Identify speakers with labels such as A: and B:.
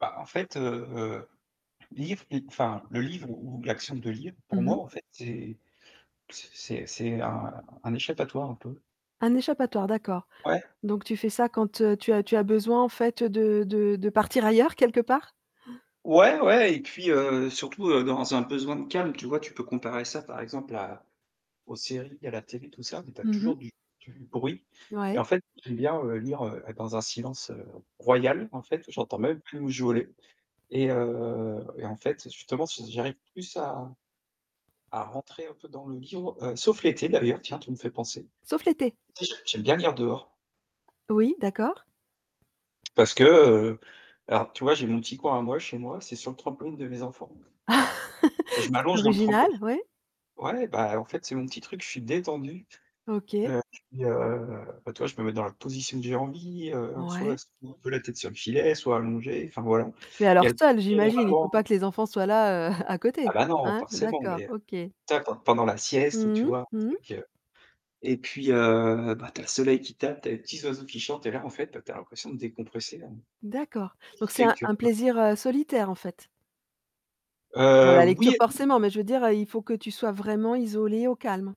A: Bah, en fait, heu heu, livre, i enfin, le livre ou ou l'action de lire,
B: Mmh
A: pour moi
B: mh.
A: en fait, c'est p c c'est c'est un un échappatoire un peu.
B: Un échappatoire, d'accord.
A: Ouais.
B: Donc tu fais ça quand, heu, tu as tu as besoin en fait, heu, de de de partir ailleurs, quelque part?
A: Ouais, ouais, et puis, heu, surtout, heu, dans un besoin de calme, tu vois? Tu peux comparer ça par exemple à aux séries, à la télé tout ça, mais tu as
B: Mmh mh.
A: toujours du du bruit. Et
B: Ouais.
A: en fait, j'aime bien, heu, lire heu, être dans un silence, heu, royal en fait, ou j'entends même plus mouche voler. Et, heu et en fait, justement, s j'arrive plus à à rentrer un peu dans le livre, heu, sauf l'été d'ailleurs, tiens, tu me fais penser.
B: Sauf l'été?
A: L'été j'ai j'aime bien lire dehors
B: Oui, d'accord.
A: parce que, heu alors, tu vois, j'ai mon petit coin à moi chez moi, c'est sur le trampoline de mes enfants.
B: C’est
A: Je m'allonge dans le
B: original,
A: trampoline
B: ouais.
A: ouais, bah, en fait, c'est mon petit truc, je suis détendu.
B: OK.
A: Heu, puis, heu, bah, tu vois, je peux me mettre dans la position que j'ai envie, heu, soit
B: Ouais.
A: [unintelligible] un peu la tête sur le filet, soit allongé, enfin voilà.
B: Mais
A: Il y
B: alors
A: a le
B: seul j'imagine, il faut pas
A: [unintelligible]
B: que les enfants soient là, heu, à
A: Ah
B: côté.
A: bah, non,
B: Hein?
A: forcément,
B: D'accord,
A: mais, heu,
B: OK.
A: ta pen pendant la sieste où
B: Mmh
A: tu
B: mh.
A: vois, un
B: Mmh mh.
A: truc, heu et puis, heu, bah, tu as le soleil qui tape, tu as les petits oiseaux qui chantent et là en fait, bah, tu as l'impression de décompresser, hein.
B: D'accord.
A: Ce
B: Donc
A: qui
B: c'est
A: fait
B: un
A: que tu
B: un
A: re
B: plaisir, heu, solitaire en fait? Bon
A: Heu,
B: la lecture
A: oui et non!
B: forcément, mais je veux dire, heu, il faut que tu sois vraiment isolé, au calme?